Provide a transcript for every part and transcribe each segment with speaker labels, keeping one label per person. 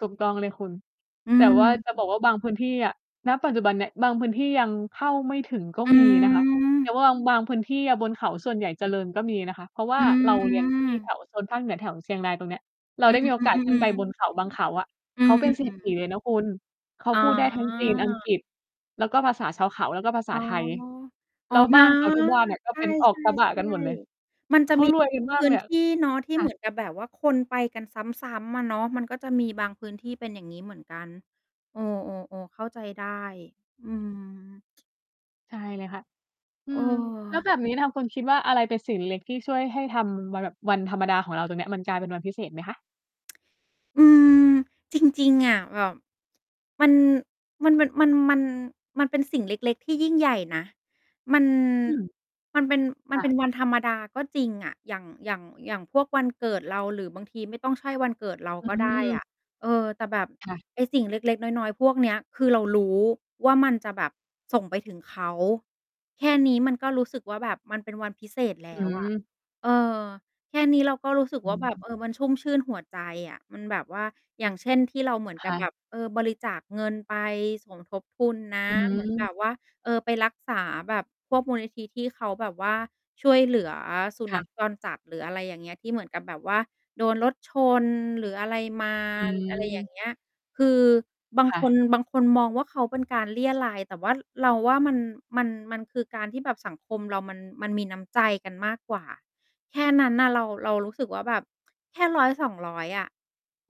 Speaker 1: ถูกต้องเลยคุณ
Speaker 2: อื
Speaker 1: แต่ว่าจะบ
Speaker 2: ม
Speaker 1: อกว่าบางพื้นที่อะ ณ ปัจจุบันเนี่ย บางพื้นที่ยังเข้าไม่ถึงก็
Speaker 2: อื
Speaker 1: มีนะคะ แต่
Speaker 2: ม
Speaker 1: ว่าบาง บางพื้นที่อะบนเขาส่วนใหญ่เจริญก็มีนะคะ เพราะว่
Speaker 2: อ
Speaker 1: า
Speaker 2: ื
Speaker 1: เรา เรียนที่แ
Speaker 2: ม
Speaker 1: ถวโซนภาคเหนือแถวเชียงรายตรงเนี้ย เร
Speaker 2: อ
Speaker 1: า
Speaker 2: ื
Speaker 1: ได้
Speaker 2: อ
Speaker 1: มีโอกาส ขึ้นไปบนเขาบางเขา
Speaker 2: ๆ
Speaker 1: อะ
Speaker 2: ๆ อื
Speaker 1: เขา
Speaker 2: อ
Speaker 1: เป
Speaker 2: ๆ อ
Speaker 1: ็น เศร
Speaker 2: ื
Speaker 1: ษ
Speaker 2: อ
Speaker 1: ฐี
Speaker 2: ๆ
Speaker 1: เลยนะคุณ เขา
Speaker 2: อ๋
Speaker 1: พ
Speaker 2: อ
Speaker 1: ูดได้ทั้งจีน อังกฤษ แล้วก็ภาษาชาวเขา แล้วก็ภาษ
Speaker 2: อ
Speaker 1: า
Speaker 2: ๋อ
Speaker 1: ไทย
Speaker 2: อ
Speaker 1: แ
Speaker 2: ๋
Speaker 1: ล
Speaker 2: อ
Speaker 1: ้วบ้านเขาทุกบ้านอะ ก็
Speaker 2: ค
Speaker 1: เป
Speaker 2: ่ะ
Speaker 1: ็นออ
Speaker 2: ใ
Speaker 1: ก
Speaker 2: ช
Speaker 1: กระบะกั
Speaker 2: ่
Speaker 1: นหมดเลย
Speaker 2: ๆ ๆ มันจ
Speaker 1: เข
Speaker 2: ะ
Speaker 1: า
Speaker 2: มี
Speaker 1: รวยกันม
Speaker 2: พ
Speaker 1: าก
Speaker 2: ื
Speaker 1: เ
Speaker 2: ้
Speaker 1: ล
Speaker 2: น
Speaker 1: ยอ
Speaker 2: ท
Speaker 1: ะ
Speaker 2: ี่เนาะที่
Speaker 1: ค่
Speaker 2: เหม
Speaker 1: ะ
Speaker 2: ือนกับแบบว่าคนไปกันซ้ำ ๆ อะเนาะ มันก็จะมีบางพื้นที่เป็นอย่างงี้เหมือนกัน เออ ๆ ๆ เข้าใจได้ อืม
Speaker 1: ใช่เลยค่ะ อื
Speaker 2: เอ
Speaker 1: ม แล้ว
Speaker 2: อ
Speaker 1: แบบนี้ทางคุณคิดว่าอะไรเป็นสิ่งเล็ก ๆ ที่ช่วยให้ทำ บ แบบวันธรรมดาของเราตรงเนี้ย มันกลายเป็นวันพิเศษไหมคะ?
Speaker 2: อืม จริง ๆ อะ แบบ มัน มันแบบ มัน มัน มัน มันเป็นสิ่งเล็ก ๆ ที่ยิ่งใหญ่นะ มัน
Speaker 1: อืม
Speaker 2: มันเป็น มั
Speaker 1: ค
Speaker 2: น
Speaker 1: ่
Speaker 2: เป
Speaker 1: ะ
Speaker 2: ็นวันธรรมดาก็จริงอะ อย่าง อย่าง อย่างพวกวันเกิดเรา หรือบางทีไม่ต้องใช่วันเกิดเรา
Speaker 1: อ
Speaker 2: ก็ได้อ
Speaker 1: ืม
Speaker 2: ะ เออ แต่แบบ
Speaker 1: ค่ะ
Speaker 2: ไอ้สิ่งเล็ก ๆ น้อย ๆ พวกเนี้ยคือเรารู้ว่ามันจะแบบส่งไปถึงเขา แค่นี้มันก็รู้สึกว่า แบบมันเป็นวันพิเศษแ
Speaker 1: อ
Speaker 2: ล
Speaker 1: ื
Speaker 2: ้ว อะ
Speaker 1: ม
Speaker 2: เออ แค่นี้เราก็รู้สึก
Speaker 1: อื
Speaker 2: ว่าแบบ เ
Speaker 1: ม
Speaker 2: ออ มันชุ่มชื่นหัวใจอะ มันแบบว่า อย่างเช่น ที่เราเหมือน
Speaker 1: ค
Speaker 2: กั
Speaker 1: ่
Speaker 2: บแบ
Speaker 1: ะ
Speaker 2: บ เออ บริจาคเงินไปสมทบทุนนะ
Speaker 1: อื
Speaker 2: เหมือนแบ
Speaker 1: ม
Speaker 2: บว่า เออ ไปรักษา แบบพวกมูลนิธิที่เขาแบบว่าช่วยเหลือสุ
Speaker 1: ค
Speaker 2: น
Speaker 1: ่
Speaker 2: ัข
Speaker 1: ะ
Speaker 2: จรจัด หรืออะไรอย่างเงี้ย ที่เหมือนกับแบบว่า โดนรถชน หรืออะไรมา
Speaker 1: อ
Speaker 2: อะไรอย่า
Speaker 1: ืม
Speaker 2: งเงี้ย คือบาง
Speaker 1: ค่
Speaker 2: คน
Speaker 1: ะ
Speaker 2: บางคนมองว่า เขาเป็นการเรี่ยไร แต่ว่า เราว่า มัน มัน มันคือการที่แบบสังคมเรามัน มันมีน้ำใจกันมากกว่า แค่นั้นน่ะ เรา เรารู้สึกว่าแบบแค่ 100-200 อะ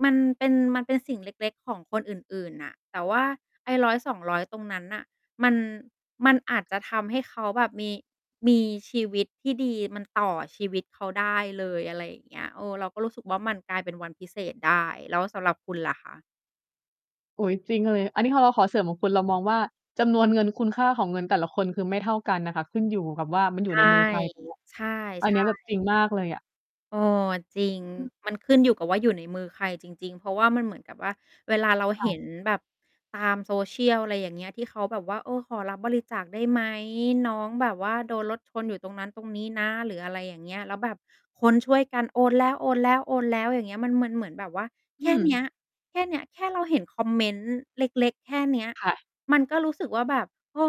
Speaker 2: มันเป็น มันเป็นสิ่งเล็ก ๆ ของคนอื่น ๆ น่ะ แต่ว่าไอ้ 100-200 ตรงนั้นน่ะ มัน มันอาจจะทำให้เขาแบบมี มีชีวิตที่ดี มันต่อชีวิตเขาได้เลย อะไรอย่างเงี้ย เออ เราก็รู้สึกว่า มันกลายเป็นวันพิเศษได้ แล้วสำหรับคุณล่ะคะ?
Speaker 1: อุ๊ย! จริงเลย อันนี้ขอเรา ขอเสริมของคุณเรามองว่า จำนวนเงินคุณค่าของเงินแต่ละคนคือไม่เท่ากันน่ะค่ะ ขึ้นอยู่กับว่ามันอยู
Speaker 2: ใช
Speaker 1: ่ใ
Speaker 2: ่
Speaker 1: นมือใครตรง เนี้ย
Speaker 2: ใช่
Speaker 1: อั
Speaker 2: ใ
Speaker 1: น
Speaker 2: ช
Speaker 1: เนี้ยแบบ จริ
Speaker 2: ่
Speaker 1: งมากเลยอะ
Speaker 2: เออ จริง
Speaker 1: อืม
Speaker 2: มันขึ้นอยู่กับว่าอยู่ในมือใครจริง ๆ เพราะว่ามันเหมือนกับว่า เวลาเรา
Speaker 1: ค่
Speaker 2: เห็
Speaker 1: ะ
Speaker 2: นแบบตาม Social อะไรอย่างเงี้ย ที่เขาแบบว่า เออ ขอรับบริจาคได้ไหม น้องแบบว่า โดนรถชนอยู่ตรงนั้นตรงนี้นะ หรืออะไรอย่างเงี้ย แล้วแบบคนช่วยกันโอนแล้ว ๆ ๆ อย่างเงี้ย มัน มันเหมือนแบบว่า
Speaker 1: อ
Speaker 2: แค
Speaker 1: ื
Speaker 2: ่เนี้ย
Speaker 1: ม
Speaker 2: แค่เนี้ย แค่เราเห็นคอมเมนต์เล็ก ๆ แค่เนี้ย
Speaker 1: ค่ะ
Speaker 2: มันก็รู้สึกว่าแบบ เออ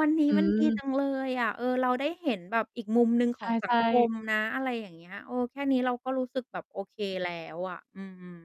Speaker 2: วันนี
Speaker 1: อ
Speaker 2: ้มันดีจ
Speaker 1: ืม
Speaker 2: ังเลยอะ เออ เราได้เห็นแบบอีกมุมหนึ่งข
Speaker 1: ใ
Speaker 2: องสั
Speaker 1: ช
Speaker 2: ง
Speaker 1: ่
Speaker 2: คม
Speaker 1: ๆ
Speaker 2: นะ อะไรอย่างเงี้ย เออ แค่นี้เราก็รู้สึกแบบโอเคแล้วอะ อืม